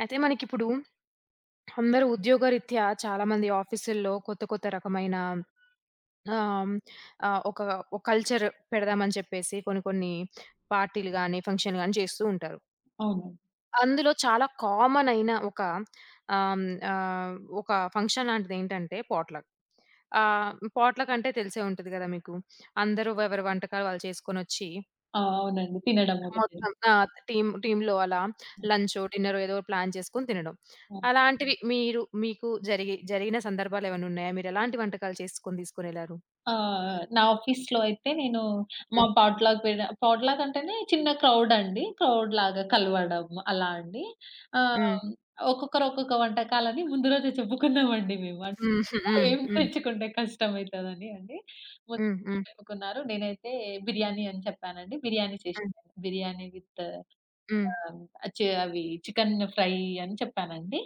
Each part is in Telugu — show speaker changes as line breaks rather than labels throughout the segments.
అయితే మనకిప్పుడు, అందరూ ఉద్యోగరీత్యా చాలా మంది ఆఫీసుల్లో కొత్త, కొత్త రకమైన ఆహ్, హ్మ్, ఆహ్, ఒక ఓ కల్చరు పెడదాం అని చెప్పేసి కొన్ని, కొన్ని పార్టీలు గాని, ఫంక్షన్‌లు గాని చేస్తూ ఉంటారు.
అవును.
అందులో చాలా కామనయిన ఒక ఆహ్, హ్మ్, ఆహ్, ఒక ఫంక్షన్ లాంటిది ఏంటంటే, పాట్‌లక్. ఆహ్, పాట్‌లక్ అంటే, తెలిసే ఉంటది కదా! మీకు. అందరు ఎవరి వంటకాలు వాళ్ళు చేసుకొనొచ్చి
ఆ! అవునండి. తినడం ఒకటే.
మొత్తం, ఆ! టీమ్ టీమ్‌లో అలా
హ్మ్.
లంచో, డిన్నరో ఏదో ఒక ప్లాన్ చేసుకొని తినడం.
అవును.
అలాంటివి మీరు, మీకు జరిగి జరిగిన సందర్భాలు ఏమైనా ఉన్నాయా? మీరు ఎలాంటి వంటకాలు చేసుకొని తీసుకొని ఎళ్లారు?
ఆ! ఆ! నా ఆఫీస్‌లో అయితే, నేను మా
హ్మ్.
పాట్‌లక్ పేద పాట్‌లక్ అంటేనే, చిన్న క్రౌడ్ అండి, క్రౌడ్ లాగా కలవడం అలా అండి.
హ్మ్.
ఆహ్, ఒక్కొక్కరు ఒక్కొక్క వంటకాలని ముందు రోజే చెప్పుకున్నాం అండి మేము.
హ్మ్, హ్మ్,
ఏం
హ్మ్.
తెచ్చుకుంటే కష్టం అయితది అని అండి, మొత్తం
హ్మ్, హ్మ్.
చెప్పుకున్నారు. నేనైతే బిర్యానీ అని చెప్పానండి. బిర్యానీ
హ్మ్.
చేశాను. బిర్యానీ విత్
హ్మ్.
ఆహ్, చె అవి చికెన్ ఫ్రై అని చెప్పానండి.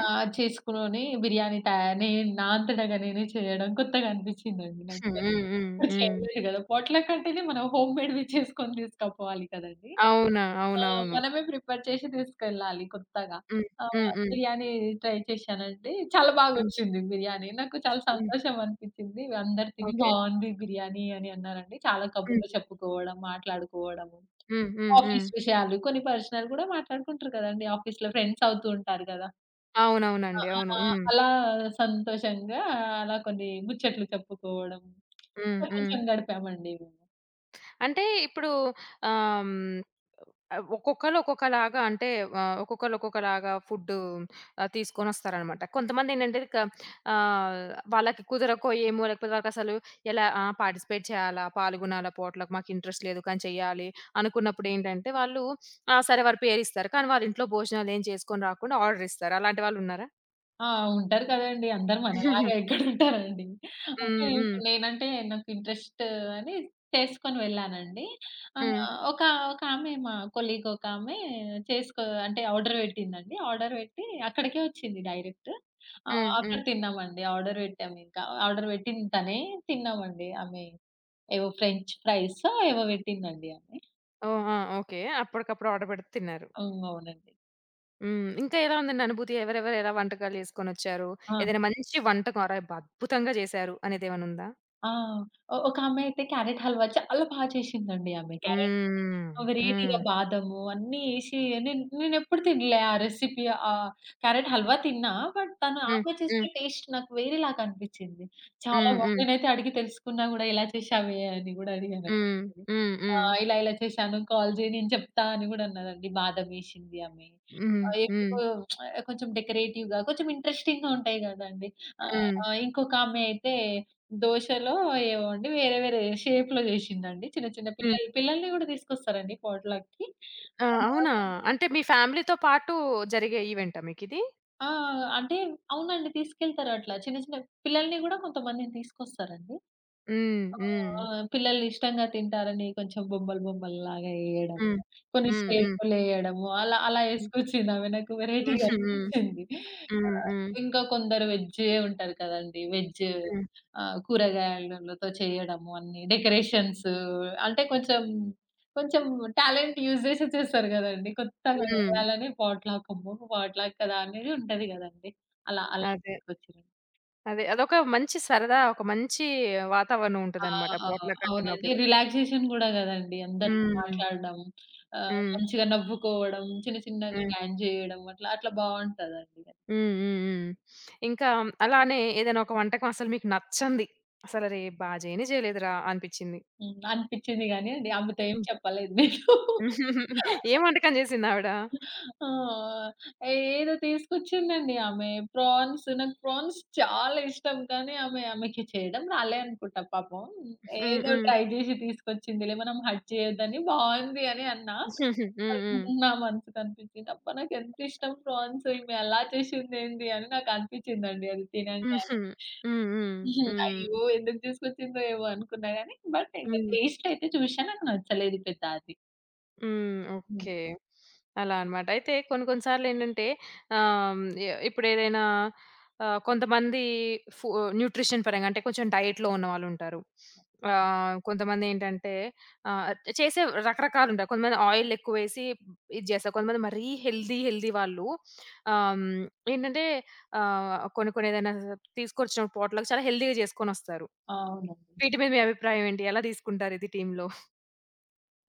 ఆ! చేసుకోని బిర్యానీ తా నేన్ నా అంతటగా నేనే చేయడం కొత్తగా అనిపించిందంది
హ్మ్,
నాకు.
హ్మ్, హ్మ్, హ్మ్.
చేయలేదు కదా! పాట్‌లకంటేనే మనం హోమ్ మేడ్ చేసుకొని తీసుకుపోవాలి కదండీ.
అవునా!
ఆ!
అవునవును.
మనమే ప్రిపేర్ చేసి తీసుకెళ్లాలి కొత్తగా.
హ్మ్. హ్మ్,
ఆహ్,
హ్మ్.
బిర్యానీ ట్రై చేశానండి. చాలా
హ్మ్.
బాగొచ్చింది బిర్యానీ. నాకు చాలా
హ్మ్.
సంతోషం అనిపించింది. అందరు తిని
ఓకె.
బాగుంది బిర్యానీ అని అన్నారండి. చాలా
హ్మ్.
కబుర్లు చెప్పుకోవడం, మాట్లాడుకోవడం
హ్మ్, హ్మ్, హ్మ్.
ఆఫీస్ విషయాలు, కొన్ని పర్సనల్ కూడా మాట్లాడుకుంటారు కదండీ. ఆఫీస్‌‌లో ఫ్రెండ్స్ అవుతూ ఉంటారు కదా! ఆ!
అవునవునండి. అవును.
ఆహ్,
హ్మ్.
అలా సంతోషంగా అలా కొన్ని ముచ్చట్లు చెప్పుకోవడం
హ్మ్,
అట్ల
హ్మ్.
కొంచెం గడిపాము అండి మేము.
అంటే, ఇప్పుడు ఆహ్, హ్మ్, ఒక్కొక్కళ్ళు ఒక్కొక్కలాగా అంటే, ఆహ్, ఒక్కొక్కళ్ళు ఒక్కొక్కలాగా ఫుడ్డు ఆహ్, తీసుకొని వస్తారనమాట. కొంతమంది ఏంటంటే, క ఆహ్, వాళ్ళకి కుదరకో, ఏమో లేకపోతే వాళ్ళకసలు ఎలా ఆహ్, పార్టిసిపేట్ చేయాలా, పాల్గొనాలా పాట్‌లక్, మాకు ఇంట్రెస్ట్ లేదు కానీ చెయ్యాలి, అనుకున్నప్పుడు ఏంటంటే వాళ్ళు, ఆ! సరే వారి పేరిస్తారు కానీ, వాళ్ళ ఇంట్లో భోజనాలేమి చేసుకొని రాకుండా, ఆర్డరిస్తారు. అలాంటి వాళ్ళున్నారా?
ఆ! ఉంటారు కదండీ! అందరూ మనలాగా ఎక్కడ ఉంటారండి. అంటే,
హ్మ్, హ్మ్.
ఇపుడు నేనంటే నాకు ఇంట్రెస్ట్ అని చేసుకొని వెళ్ళానండి. ఆహ్,
హ్మ్.
ఒక, ఒక ఆమె మా కొలీగొక ఆమె, చేసుకో అంటే ఆర్డర్ వెట్టిందండి. ఆర్డర్ వెట్టి అక్కడికే వచ్చింది డైరెక్టు. ఆహ్,
హ్మ్,
అక్కడ
హ్మ్.
తిన్నామండి. ఆర్డర్ వెట్టాం ఇంకా ఆర్డర్ వెట్టింది తనే, తిన్నామండి ఆమె ఏవో ఫ్రెంచ్ ఫ్రైసో ఏవో పెట్టిందండి ఆమె.
ఓహ్! ఆ! ఓకె, అప్పటికప్పుడు ఆర్డర్ పెడితే తిన్నారు.
హ్మ్. అవునండి.
హ్మ్. ఇంకా ఎలా ఉందండి అనుభూతి? ఎవరెవరు ఎలా వంటకాలు చేసుకొనొచ్చారు.
ఆ!
ఏదైనా మంచి వంటకం అరే! అద్భుతంగా చేసారు అనేది ఏమైనుందా?
ఆ! ఒ ఒక ఆమె అయితే క్యారట్ హల్వా చాలా బాగా చేసింది అండి ఆమె. క్యారట్
హ్మ్.
వేరైటీగా
హ్మ్.
బాదము, అన్ని ఏసి, నేను నెనెప్పుడు తినలే ఆ రెసిపీ. ఆహ్, క్యారట్ హల్వా తిన్నా, బట్ తను
హ్మ్.
ఆమె చేసే
హ్మ్.
టేస్ట్ నాకు వేరే లాగా అనిపించింది. చాలా
హ్మ్.
బాగుంది.
హ్మ్.
నేనైతే అడిగి తెలుసుకున్న కూడా ఇలా చేశావే అని కూడా అడిగాను.
హ్మ్. హ్మ్. హ్మ్.
"ఆహ్, ఇలా, ఇలా చేశాను కాల్ చెయ్ నేను చెప్తా" అని కూడా అన్నాదండి. బాధం ఏసింది ఆమె
హ్మ్,
ఆహ్,
హ్మ్.
ఏవేవో ఆహ్, కొంచెం డెకరేటివ్‌గా, కొంచెం ఇంట్రెస్టింగ్‌గా ఉంటాయి కదండీ!
హ్మ్.
ఆహ్, ఇంకొక ఆమె అయితే దోసలో ఏమోండి వేరే, వేరే షేప్‌లో చేసిందండి చిన్న, చిన్న
హ్మ్.
పిల్లలు పిల్లల్ని కూడా తీసుకొస్తారండి పాట్‌లక్‌కి.
ఆ! అవునా? అంటే మీ ఫ్యామిలీతో పాటు జరిగే ఈవెంటా మీకిది?
ఆ! అంటే అవునండి. తీసుకెళ్తారు అట్లా. చిన్న చిన్న పిల్లలని గూడా కొంతమందిని తీసుకొస్తారండి.
హ్మ్.
ఆ!
హ్మ్.
ఆ! పిల్లలు ఇష్టంగా తింటారని కొంచెం బొమ్మలు బొమ్మలు‌ల్లాగా యెయ్యాడము,
హ్మ్.
కొన్ని
హ్మ్. హ్మ్.
షేపులెయ్యడము, అలా అలా
హ్మ్.
యేసుకొచ్చిందామె నాకు. వేరైటీ‌గా
హుహు. హ్మ్.
అనిపిచ్చింది.
హ్మ్.
ఆహ్,
హ్మ్.
ఇంకా కొందరు వెజ్జే ఉంటారు కదండీ. వెజ్.
హ్మ్.
ఆహ్, కూరగాయలలతో చెయ్యడము అన్ని డెకరేషన్స్. అంటే కొంచం, కొంచం టాలెంట్ యూజ్ జేసే చేస్తారు గదండీ! కొత్తగా
హ్మ్.
వెయ్యాలనే పాట్‌లాకమ్మో, పాట్‌లాక్కదా అనేది ఉంటది గదండీ! అలా అలా
అదే.
నాకొచ్చినాయి.
అదే. అదొక మంచి సరదా, ఒక మంచీ
ఆ!
వాతావరణవుంటదనమాట
అవునండి.
పోట్లక్కంటున్నప్పుడు.
రిలాగ్జేషన్ గూడా గదండీ! అందరితో
హ్మ్.
మాట్లాడడం, ఆహ్,
హ్మ్.
మంచిగా నవ్వుకోవడం, చిన్న చిన్నగా
హ్మ్.
డాన్స్ జెయ్యడం, అట్లా అట్లా బావుంటదండిగ.
హ్మ్. హ్మ్. హ్మ్. ఇంకా అలానే ఏదైనా ఒక వంటకం అసలు మీకు నచ్చంది. అసలరే, బా జెయనే జెయలేదురా అనిపిచ్చింది?
హ్మ్. అనిపిచ్చింది గానీ అండి, ఆమెతో ఏం
హ్మ్.
చెప్పలేదు నేను.
ఏం వంటకం జేసిందావిడ?
ఆ! ఏదో తీసుకొచ్చిందండి ఆమె ప్రాన్స్. నాకు ప్రాన్స్ చాలా ఇష్టం, కానీ ఆమె ఆమెకి చెయడం రాలే అనుకుంటా పాపం.
హ్మ్.
ఏదో
హ్మ్.
ట్రై జేషి తీసుకొచ్చిందిలే మనం హర్ట్ చెయ్యొద్దని బావుంది అని అన్నా.
హ్మ్. హ్మ్.
[unintelligible] నా మనసుకనిపిచ్చింది, "అబ్బా! నాకెంతిష్టం ప్రాన్స్, ఈమె అలా చేషిందేంది" అని నాకనిపిచ్చిందండి అది తినంగానే.
హుహు. హ్మ్. హ్మ్.
హ్మ్.
హ్మ్.
అయ్యో! ఎందుకు తీసుకొచ్చిందో ఏమో అనుకున్నా గానీ, బట్ ఇంగ
హ్మ్.
టేస్టయితే చూశా, నాకు నచ్చలేదు పెద్దా అది.
హ్మ్.
హ్మ్.
ఓకే. అలా అన్నమాట. అయితే కొన్ని, కొన్ని సార్లు ఏంటంటే, ఆహ్, హ్మ్, ఇప్పుడు ఏదైనా ఆహ్, కొంతమంది ఫు న్యూట్రిషన్ పరంగా అంటే, కొంచెం డైట్‌లో ఉన్న వాళ్లుంటారు. ఆహ్, కొంతమంది ఏంటంటే, ఆహ్, చేసే రకరకాలు ఉండా కొంతమంది ఆయిలేక్కువేసి ఇది చేస్తారు. కొంతమంది మరీ హెల్తీ, హెల్తీ వాళ్ళు ఆహ్మ్, హ్మ్, ఏంటంటే ఆహ్, కొన్ని, కొన్ని ఏదైనా తీసుకొచ్చినప్పుడు పాట్‌లక్ చాలా హెల్తీగా చేసుకొనొస్తారు.
అవునండి.
వీటి మీద మీ అభిప్రాయం ఏంటి? ఎలా తీసుకుంటారు ఇది టీమ్‌లో?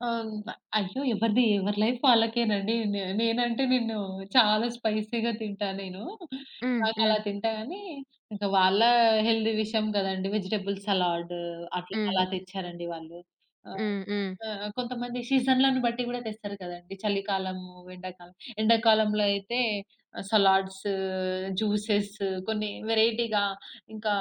అవును. అయ్యో! ఎవరిది ఎవరి లైఫ్ వాళ్ళకేనండి. నె నేనంటే నిన్ను, చాలా స్పైసీ‌గా తింటా నేను.
హ్మ్.
నాకు
హ్మ్.
అలా తింటా గానీ, ఇంక వాళ్ళ హెల్తీ విషయం కదండీ. వెజిటబుల్ సలాడూ అట్లా,
హ్మ్.
అలా
హ్మ్.
తెచ్చారండి వాళ్ళు. ఆహ్,
హ్మ్. హ్మ్.
ఆహ్, కొంతమంది సీజన్లను బట్టి కూడా తెస్తారు కదండీ, చలికాలము, ఎండాకాలం. ఎండాకాలంలైతే ఆహ్, సలాడ్స్, జ్యూసెస్స్ కొన్ని వేరైటీ‌గా, ఇంకా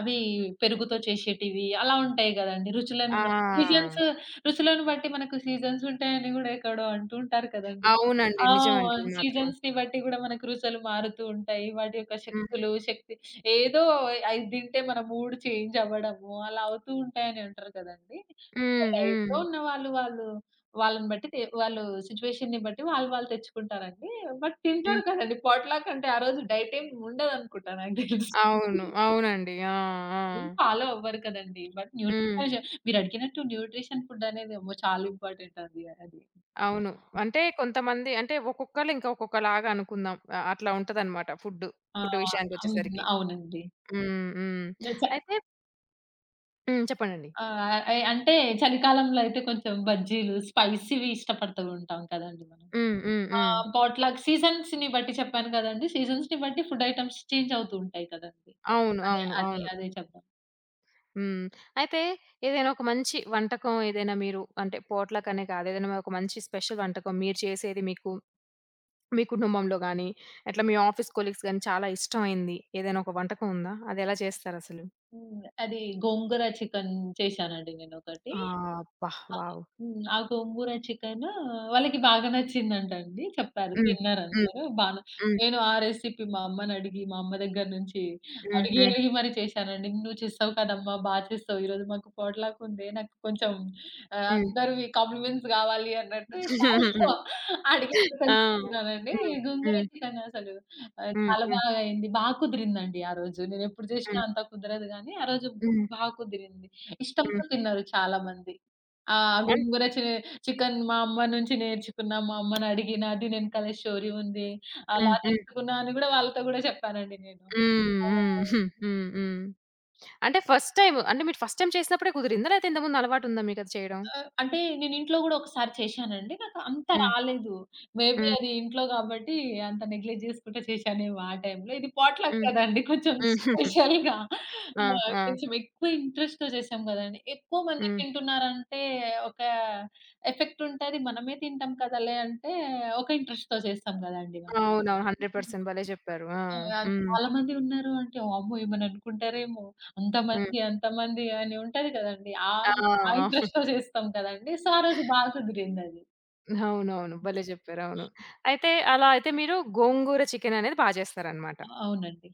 అవి పెరుగుతో చేసేటివి అలా ఉంటాయి కదండీ. రుచులను బ సీజన్స్
ఆ!
రుచులను బట్టి మనకు సీజన్స్ ఉంటాయి అని కూడా ఎక్కడో అంటూ ఉంటారు కదండి.
అవునండి.
ఆ
నిజం అండి.
వొన్
ఇది మాత్రం.
సీజన్స్‌ని బట్టి కూడా, మనకు రుచులు మారుతూంటాయి. వాటి యొక్క
హ్మ్.
శక్తులు శక్తి ఏదో అయ్ అది తింటే, మన మూడ్ చేంజ్ అవ్వడము, అలా అవుతూ ఉంటాయి అని అంటారు కదండీ.
హ్మ్.
డైట్‌లో
హ్మ్.
ఉన్నవాళ్ళు, వాళ్ళు వాళ్ళని బట్టి తె వాళ్ళు సిట్యుయేషన్‌ని బట్టి వాళ్ళు వాళ్ళు తెచ్చుకుంటారండి. బట్,
హ్మ్.
తింటారు కదండి పాట్‌లక్ అంటే ఆ రోజు డైట్ ఏమి ఉండదు అనుకుంటానండి.
అవును. అవునండి. ఆ! ఆ!
హ్మ్. ఫాలో అవ్వరు కదండి. బట్ నూట్
హ్మ్.
మీరు అడిగినట్టు న్యూట్రిషన్ ఫుడ్డనేది అమ్మో! చాలా ఇంపార్టెంట్. అది. అ అది.
అవును. అంటే, కొంతమంది అంటే, ఒక్కొక్కళ్ళు ఇంక ఒక్కొక్కలాగా అనుకుందాం. అట్లా ఉంటదన్నమాట ఫుడ్డు.
ఆ!
ఫుడ్
అవును.
విషయానికొచ్చేసరికి.
అవునండి.
హ్మ్. హ్మ్.
నిజా
అయితే హ్మ్. చెప్పండండి.
ఆహ్, అయ్ అంటే చలికాలంలో అయితే కొంచెం బజ్జీలు, స్పైసీవి ఇష్టపడుతూ ఉంటాం కదండీ మనం.
హ్మ్. హ్మ్. హ్మ్.
ఆహ్, పాట్‌లక్ సీజన్స్‌ని బట్టి చెప్పాను కదండీ, సీజన్స్‌ని బట్టి ఫుడ్ ఐటెమ్స్ చేంజవుతూ ఉంటాయి కదండీ.
అవును.
అదే,
అవును.
అదే,
అవును.
అదే చెప్దాం.
హ్మ్. అయితే ఏదైనా ఒక మంచి వంటకం ఏదైనా మీరు అంటే, పాట్‌లకనే కాదు. ఏదైనా ఒక మంచి స్పెషల్ వంటకం, మీరు చేసేది మీకు మీ కుటుంబంలో గాని, అట్లా మీ ఆఫీస్ కొలీగ్స్ గాని చాలా ఇష్టమైయింది. ఏదైనా ఒక వంటకం ఉందా? అది ఎలా చేస్తారసలు?
హ్మ్. ఆహ్, అది గోంగూర చికెన్ చేసానండి నేనొకటి.
ఆ! అబ్బా!
అది
వావ్!
హ్మ్. ఆ గోంగూర చికెను వాళ్ళకి బాగా నచ్చింది అంట అండి చెప్పారు,
హ్మ్. హ్మ్.
తిన్నారందరూ. బాన
హ్మ్.
నేను ఆ రెసిపీ మా అమ్మని అడిగి, మా అమ్మ దగ్గర నుంచి అడిగి,
హుహు.
అడిగి మరి చేశానండి. నువ్వు చేస్తావు కాదమ్మా, బా చేస్తావు ఈరోజు మాకు పోట్‌లకుంది నాకు కొంచెం ఆహ్,
హ్మ్.
అందరివి కాంప్లిమెంట్స్ కావాలి అన్నట్టు. [unintelligible] అడిగి మరి
ఆ!
తెలుసుకున్నానండి.
హ్మ్,
గోంగుర
హ్మ్.
చికెనసలు ఆహ్,
హ్మ్.
చాలా
హ్మ్.
బాగా అయింది. బాగా కుదిరింది అండి ఆరోజు. నేను ఎప్పుడు చేసినా
హ్మ్.
అంత కుదరదు గానీ, ఆ రోజు
హ్మ్.
బాగా కుదిరింది. ఇష్టంతో
హ్మ్.
తిన్నారు చాలా మంది. ఆహ్,
అన్
గోంగూర చే చికెన్ మా అమ్మ నుంచి నేర్చుకున్న, మా అమ్మనడిగిన దినెనకాలే స్టోరీ ఉంది, అలా
హ్మ్. హ్మ్.
తెలుసుకున్న అని వాళ్ళతో కూడా చెప్పానండి నేను.
హ్మ్.
ఆ!
హ్మ్. హ్మ్. హ్మ్. అంటే ఫస్ట్ టైము అంటే మీరు ఫస్ట్ టైమ్ చేసినప్పుడే కుదిరిందా? లేతే ఇంతకుముందు అలవాటు ఉందా మీకది చెయ్యడం?
ఆహ్, అంటే నేను ఇంట్లో కూడా ఒకసారి చేశానండి. నాకు అంత
హ్మ్.
రాలేదు. మేబీ
హ్మ్.
అది ఇంట్లో కాబట్టి అంత నెగ్లెక్ట్ చేసుకుంటే చేశానేమో ఆ టైంలో. ఇది పాట్‌లక్
హ్మ్.
కదండీ, కొంచెం స్పెషల్‌గా,
ఆ!
ఆహ్,
ఆ!
కొంచెం ఎక్కువ ఇంట్రెస్ట్‌తో చేసాం కదండీ, ఎక్కువ మంది
హ్మ్.
తింటున్నారు అంటే, ఒక ఎఫెక్ట్ ఉంటది. మనమే తింటాం కదలే అంటే, ఒక ఇంట్రెస్ట్‌తో చేస్తాం కదండీ మనము.
అవునవును. హండ్రెడ్
[unintelligible]
పర్సెంట్ భలే చెప్పారు. ఆ!
ఆహ్,
హ్మ్.
చాలా మంది ఉన్నారు అంటే వామ్మో! ఏమైనా అనుకుంటారేమో,
హ్మ్.
అంతమంది అంతమంది అని ఉంటది కదండీ
ఆ!
ఆహ్, ఆ ఇంట్రెస్ట్‌తో చేస్తాం కదండీ. సో, ఆ రోజు బాగా కుదిరిందది.
అవునవును. భలే చెప్పారు.
[unintelligible]
అయితే అలా అయితే మీరు గోంగూర చికెననేది బా చేస్తారనమాట.
ఆ! అవునండి.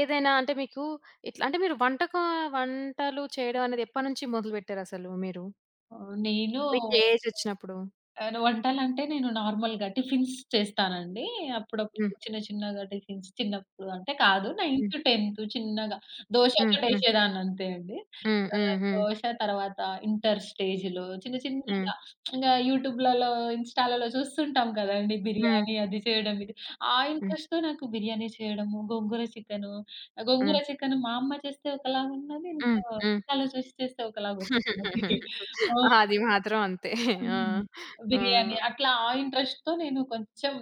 ఏదైనా అంటే మీకూ ఇట్ల్ అంటే, మీరు వంటకా వంటలు చెయడవనేది ఎప్పడనుంచి మొదలు బెట్టారసలు మీరు?
ఆహ్, నేనూ
మీకు ఏ ఏజొచ్చినప్పుడు?
ఆహ్, వంటలంటే నేను నార్మల్‌గా టిఫిన్స్ చేస్తానండీ. అప్పుడప్పుడు
హ్మ్.
చిన్న, చిన్నగా టిఫిన్స్ చిన్నప్పుడు అంటే కాదు.
హ్మ్.
నైన్తు, టెన్తు చిన్నగా
హ్మ్, హ్మ్.
దోసొకటేసేదాన్నంతే అండి.
హ్మ్.
ఆహ్,
హ్మ్. హ్మ్.
దోస, తరవాతా ఇంటర్ స్టేజులో చిన్న,
హ్మ్.
చిన్నగా ఇంగ యూట్యూబులలో, ఇన్‌స్టాలలో చూస్తుంటాం కదండీ,
హ్మ్.
బిర్యానీ అది చెయడం ఇది. ఆ
హ్మ్.
ఇంట్రస్ట్‌తో నాకు బిర్యానీ చెయ్యడము, గోంగూర చికెనూ ఆహ్,
హ్మ్.
గోంగూర చికెన్ మా అమ్మ చేస్తే ఒకలాగున్నది,
హ్మ్.
ఇందులో
హ్మ్.
ఇన్‌స్టాలో చూషి చేస్తే ఒకలాగొస్తుందది. ఆ!
అది మాత్రం అంతే.
ఆ!
ఆ! ఆ!
బిర్యానీ. అట్లా ఆ ఇంట్రస్ట్‌తో నేను కొంచం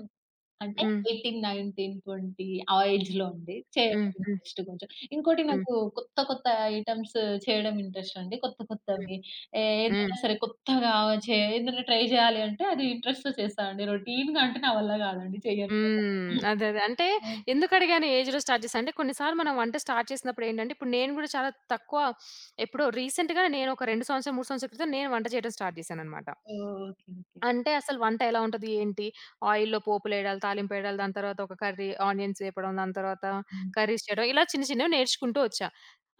అంటే
హ్మ్.
18, 19, 20 ఆ ఏజ్‌లో అండి.
హ్మ్.
చేయడం
హ్మ్.
ఇంట్రస్ట్ కొంచం. ఇంకోటి
హ్మ్.
నాకు కొత్త, కొత్త ఐటెమ్స్ చెయ్యడం ఇంట్రస్టండి. కొత్త,
హ్మ్.
కొత్తవి ఏ
హ్మ్.
ఏదైనా సరే కొత్తగా చే ఏదన్నా ట్రై జెయ్యాలి అంటే, అది ఇంట్రస్ట్‌తో చేస్తా అండి రొటీన్‌గా అంటే నా వల్ల గాదండి, చెయ్యను.
హ్మ్.
[unintelligible]
అదే, అదే. అంటే,
హ్మ్.
ఎందుకడిగాను ఏ ఏజ్‌లో స్టార్ట్ చేశా అంటే, కొన్ని సార్లు మనం వంట స్టార్ట్ చేసినప్పుడేంటంటే, ఇప్పుడు నేను గూడా చాలా తక్కువ, ఎప్పుడో రీసెంట్‌గానే నేనొక 2 సంవత్సరాలు, 3 సంవత్సరాల క్రితం నేను వంట చెయడం స్టార్ట్ చేశాననమాట.
ఓహ్! ఓకే. ఓకే.
అంటే, అసలు వంట ఎలా ఉంటుంది, ఏంటి, ఆయిల్‌లో పోపులెయడాలు, తాలింపెయడాలు, దాని తర్వాత ఒక కర్రీ, ఆనియన్సేపడం, దాని తర్వాతా
హ్మ్.
కర్రీస్ చేయడం, ఇలా చిన్న, చిన్నవి నేర్చుకుంటూ ఒచ్చా.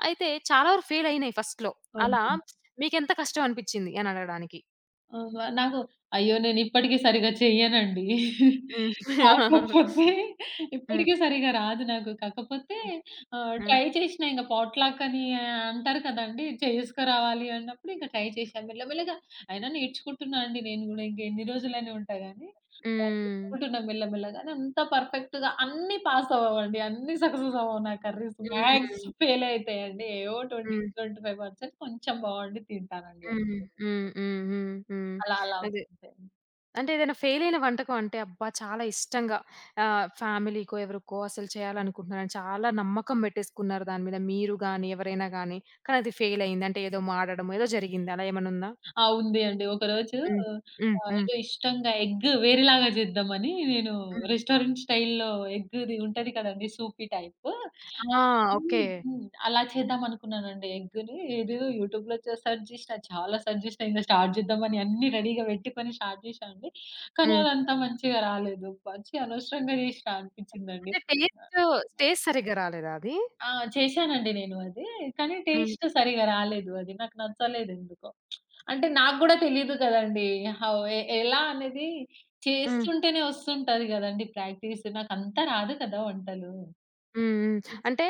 అయితే చాలా వరకు ఫెయిలయినయి ఫస్ట్‌లో. అలా
అవును.
మీకెంత కష్టవనిపిచ్చింది అనడగడానికి.
ఓహో! ఆ! నాకు అయ్యో! నేనిప్పటికి సరిగా చెయ్యనండి.
హ్మ్.
కాకపోతే
హ్మ్.
ఇప్పటికి సరిగా రాదు నాకు. కాకపోతే
హ్మ్.
ఆహ్,
హ్మ్.
ట్రై చేషినా, ఇంక పాట్‌లాక్కని అంటారు గదండీ, చేస్కరావాలి అన్నప్పుడు ఇంక ట్రై చేషా. మెల్లమెల్లగా అయినా నేర్చుకుంటున్నా అండి నేను గూడా. ఇంకెన్ని రోజులని ఉంటా గానీ, ఆహ్,
హ్మ్.
నేర్చుకుంటున్నా మెల్లమెల్లగానే. అంత పర్ఫెక్ట్‌గా అన్నీ పాసవ్వవండి, అన్ని సక్ససవ్వవు నా కర్రీసు. మాక్స్
హ్మ్.
ఫెయిలయితాయండి. ఏయో ట్వెంటీ
హ్మ్.
ట్వెంటీ ఫైవ్ పర్సెంట్ కొంచెం బావుండి తింటానండి అంతే.
హుహు. హ్మ్. హ్మ్. హ్మ్. హ్మ్.
అలా, అలా
అదే.
అంతే. హ్మ్.
అంటే, ఏదన్నా ఫెయిలయిన వంటకవంటే, అబ్బా! చాలా ఇష్టంగా ఆహ్, ఫ్యామిలీకో, ఎవరుకో, అసలు చెయ్యాలనుకుంటున్నానని చాలా నమ్మకం పెట్టేసుకున్నారు దాని మీద, మీరు గానీ, ఎవరైనా గానీ, కానది ఫెయిలైయింది. అంటే, ఏదో మాడడమో ఏదో జరిగింది. అలా ఏమన్నుందా?
ఆ! ఉంది అండి. ఒకరోజూ
హ్మ్. హ్మ్.
ఆహ్,
హ్మ్.
ఏదో ఇష్టంగా ఎగ్గు వేరేలాగా జేద్దామనీ, నేనూ
హ్మ్.
రెస్టారెంట్ స్టైల్‌లో ఎగ్గుది ఉంటది కదండీ సూపీ టైపు
ఆ!
ఆ!
ఓకే.
హ్మ్. హ్మ్. అలా చేద్దామనుకున్నానండి ఎగ్గునీ. ఇదో యూట్యూబ్‌లో చె సర్చ్ జేషినా, చాలా సర్చ్ జేషినా. ఇంక స్టార్ట్ జేద్దామని అన్నీ రెడీ‌గా బెట్టుకొని, స్టార్ట్ జేషా అండి. కానీ
హ్మ్.
అదంత మంచిగా రాలేదు. మంచిగా అనవషరంగా చేషినా అనిపిచ్చిందండి.
అంటే, టేస్టు టేస్ట్ సరిగ్గా రాలేదా అది?
ఆ! చేశానండి నేను అదీ. కానీ
హ్మ్.
టేస్టు సరిగా రాలేదు అది. నాకు నచ్చలేదెందుకో. అంటే, నాకు గూడా తెలియదు గదండీ. హౌ ఎ ఎలా అనేదీ
హ్మ్.
చేస్తుంటేనే వస్తుంటది గదండీ ప్రాక్టీసు. నాకంత రాదు కదా వంటలు.
హ్మ్. హ్మ్. అంటే,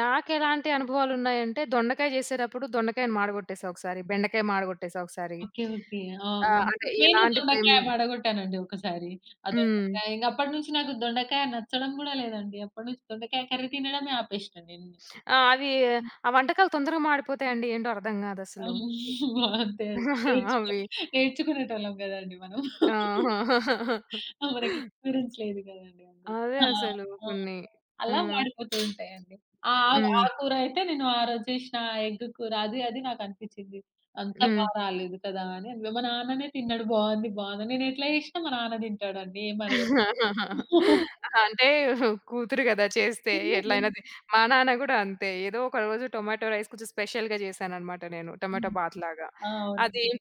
నాకెలాంటి అనుభవాలున్నాయంటే, దొండకాయ చేసేటప్పుడు దొండకాయని మాడగొట్టేశా ఒకసారి, బెండకాయ మాడగొట్టేశా ఒకసారి.
ఓకే. ఓకే. ఆ! అవును.
ఆహ్, అంటే,
నేనూ
ఎలాంటి
దొండకాయ
ఫ్లేమ్‌‌లో
మాడగొట్టానండి ఒకసారి, ఆ
హ్మ్.
దొండకాయ. ఇంగప్పటనుంచి నాకు దొండకాయ నచ్చడం గూడా లేదండి. అప్పడనుంచి దొండకాయ కర్రీ తినడమే ఆపేషినా నేను.
ఆ! అవీ
హ్మ్.
ఆ వంటకాలు తొందరగా మాడిపోతాయండి. ఏంటో అర్థం
ఆ!
గాదసలు.
అంతే అండి. నేర్చుకో
అవి.
నేర్చుకునేటోళ్ళం గదండీ మనం.
ఆ!
ఆ! మనకి ఎక్స్‌పీరియన్స్ లేదు గదండి అందులో.
అదే
ఆ!
అసలు
ఆ!
కొన్ని
అలా
హ్మ్.
మాడిపోతూ ఉంటాయండి. ఆ! ఆ! ఆ
హ్మ్.
కూరైతే నేను ఆరోజు చేషినా ఎగ్గు కూర, అది అది నాకనిపిచ్చింది. అంత
హ్మ్.
బా రాలేదు కదా అని. మా నాన్ననే తిన్నాడు బావుంది, బావుందని. నేనెట్లా జేషినా మా నాన్న దింటాడండి. ఏమనడు.
ఆ! అంటే, కూతురు గదా! చేస్తే ఎట్లైనా దిన్
[unintelligible]
మా నాన్న గూడా అంతే. ఏదో ఒక రోజు టొమాటో రైస్ కొంచెం స్పెషల్‌గా చేశాననమాట నేను. టొమాటో
హ్మ్.
బాత్‌లాగా.
ఆ!
అది
అవునండీ.
ఏం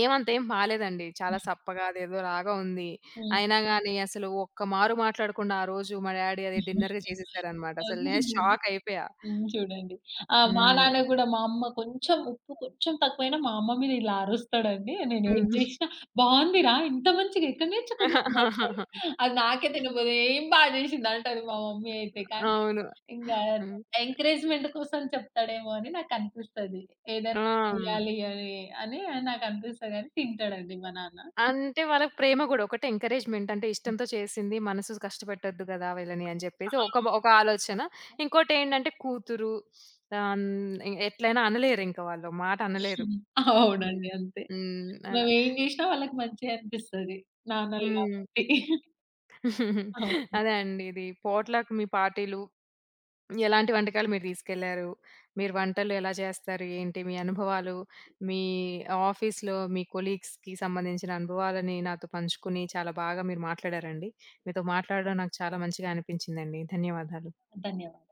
ఏవంతేం బాలేదండి. చాలా
హ్మ్.
సప్పగా అదేదోలాగా ఉంది.
హ్మ్.
అయినా గానీ అసలు ఒక్క మారు మాట్లాడకుండా, ఆ రోజు మా డాడీ అది డిన్నర్‌గా చేసేసారనమాట. అసలు
అవును
నేను
గాని
షాకయిపోయా.
తిని జూడండి. ఆ! మా
హ్మ్.
నాన్న గూడా మా అమ్మ కొంచుం, ఉప్పు కొంచుం తక్కువైనా
[unintelligible]
మా అమ్మ మీద ఇలా అరుస్తాడండి. నేనేది
హ్మ్.
జేషినా, "బావుంది రా. ఇంత మంచిగ ఎక్కడ నేర్చుకున్నావు?" [unintelligible] అది నాకే తినబుద్ ఏం బా జేషిందంటది మా మమ్మీ అయితే, కానీ
అవును.
ఇంగా
ఆ! [unintelligible]
ఎంకరేజ్‌మెంట్ కోసం చెప్తాడేమో అని నాకనిపిస్తది. ఏదైనా
ఆ! హ్మ్.
చెయ్యాలి అనీ అనే నాకనిపిస్తది గానీ, తింటాడండి మా నాన్న.
అంటే, వాళ్ళకి ప్రేమ గూడొకటే ఎంకరేజ్‌మెంటంటే,
హ్మ్.
ఇష్టంతో చేసింది, మనసు కష్టపెట్టొద్దు గదా వీళ్ళని అని జెప్పేసి ఒక మ
అవును.
ఒక ఆలోచన. ఇంకోటేంటంటే కూతురు, ఆహ్, న్ ఎ ఎట్లైనా అనలేరింక వాళ్ళు. మాట అనలేరు.
హ్మ్. అవునండి. అంతే. మేమేం జేషినా వాళ్ళకి మంచిగనిపిస్తది. నాన్నలు
హ్మ్.
గాబట్టి. అవును.
అదే అండి. ఇది పోట్‌లక్ మీ పార్టీలు, ఎలాంటి వంటకాలు మీరు దీసుకెళ్లారు, మీరు వంటలు ఎలా జేస్తారు, ఏంటి మీ అనుభవాలు, మీ ఆఫీస్‌లో మీ కొలీగ్స్‌కి సంబంధించిన అనుభవాలని నాతో పంచుకుని చాలా బాగా మీరు మాట్లాడారండి. మీతో మాట్లాడడం నాకు చాలా మంచిగా అనిపించిందండి. ధన్యవాదాలు.
ధన్యవాద్